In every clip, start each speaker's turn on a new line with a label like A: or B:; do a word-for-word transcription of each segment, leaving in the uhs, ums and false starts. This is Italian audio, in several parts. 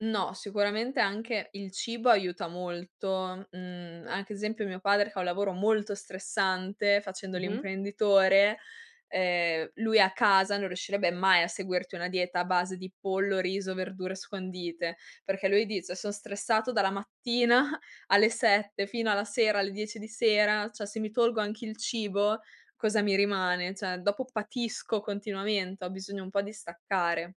A: No, sicuramente anche il cibo aiuta molto, mhmm, anche esempio, mio padre fa un lavoro molto stressante, facendo
B: Mh-mh.
A: l'imprenditore, ehm, lui a casa non riuscirebbe mai a seguirti una dieta a base di pollo, riso, verdure scondite, perché lui dice: "Son stressato dalla mattina alle sette fino alla sera, alle dieci di sera, ceh se mi tolgo anche il cibo, cosa mi rimane? ceh dopo patisco continuamente, ho bisogno un po' di staccare."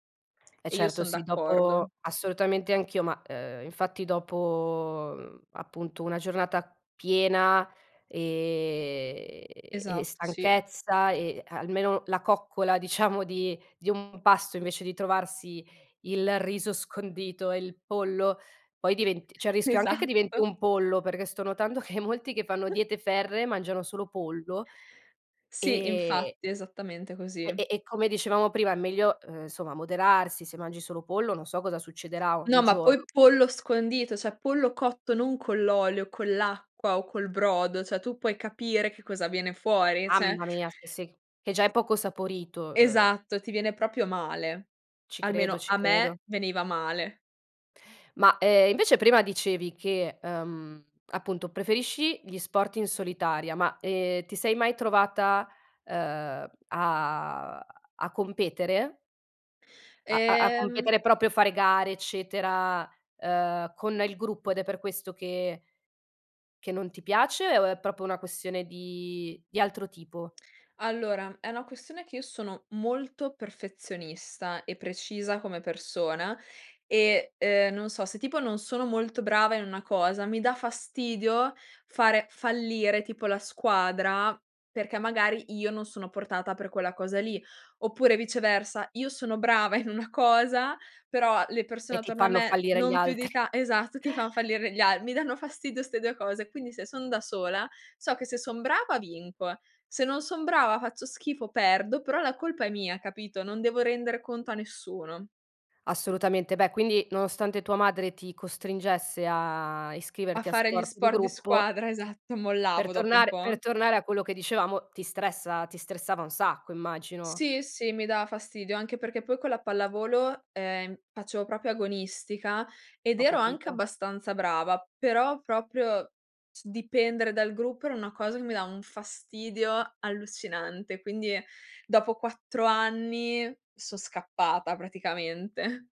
B: Eh
A: E io
B: certo,
A: son
B: sì,
A: d'accordo.
B: dopo assolutamente anch'io, ma, uhm, infatti dopo, mhmm, appunto una giornata piena, ehm, e
A: Esatto, sì.
B: stanchezza e almeno la coccola diciamo di di un pasto invece di trovarsi il riso scondito e il pollo, poi diventi c'è il rischio anche che diventi
A: Esatto.
B: un pollo, perché sto notando che molti che fanno diete ferree mangiano solo pollo.
A: Sì,
B: E
A: infatti, esattamente
B: e
A: così.
B: e e come dicevamo prima è meglio, uhm, somma, moderarsi, se mangi solo pollo non so cosa succederà un
A: No, ma
B: gior
A: poi pollo scondito, ceh pollo cotto non con l'olio, con l'acqua o col brodo, ceh tu puoi capire che cosa viene fuori, ceh.
B: Mamma mia, [unintelligible] che già è
A: I
B: poco saporito, uhm
A: Esatto, ti viene propio male.
B: Ci credo,
A: Almeno,
B: ci
A: a me
B: credo.
A: veniva male.
B: Ma, ehm, invece prima dicevi che, ehm, appunto preferisci gli sport in solitaria, ma, ehm, ti sei mai trovata, uhm, a a competere? A a a
A: Ehm.
B: competere, propio fare gare, eccetera, uhm, con il gruppo ed è per questo che che non ti piace o è propo una questione di di altro tipo?
A: Allora, è una questione che io sono molto perfezionista e precisa come persona e, ehm, non so, se tipo non sono molto brava in una cosa, mi dà fastidio fare fallire, tipo, la squadra, perché magari io non sono portata per quella cosa lì. Oppure viceversa, io sono brava in una cosa, però le persone
B: E ti
A: attorno a
B: fanno
A: me
B: fallire gli
A: non più di
B: altri.
A: ta esatto, ti fan fallire gli al mi danno fastidio 'ste due cose. Quindi se son da sola, so che se son brava vinco, se non son brava, faccio schifo, perdo, però la colpa è mia, capito? Non devo render conto a nessuno.
B: Assolutamente. Beh, quindi, nonostante tua madre ti costringesse a
A: A
B: iscriverti a
A: fare gli
B: sport di
A: sport di
B: gruppo
A: squadra, esatto.
B: per
A: Mollavo dopo un
B: tornare per
A: po'.
B: tornare a quello che dicevamo, ti stressa ti stressava un sacco immagino.
A: Sì, sì, mi da fastidio. Anche perché poi con la pallavolo, ehm, faccio propio agonistica ed
B: Ho
A: ero anche
B: capito.
A: abbastanza brava. Però proprio c dipendere dal gruppo era una cosa che mi dà un fastidio allucinante. Quindi dopo quattro anni so' scappata, praticamente.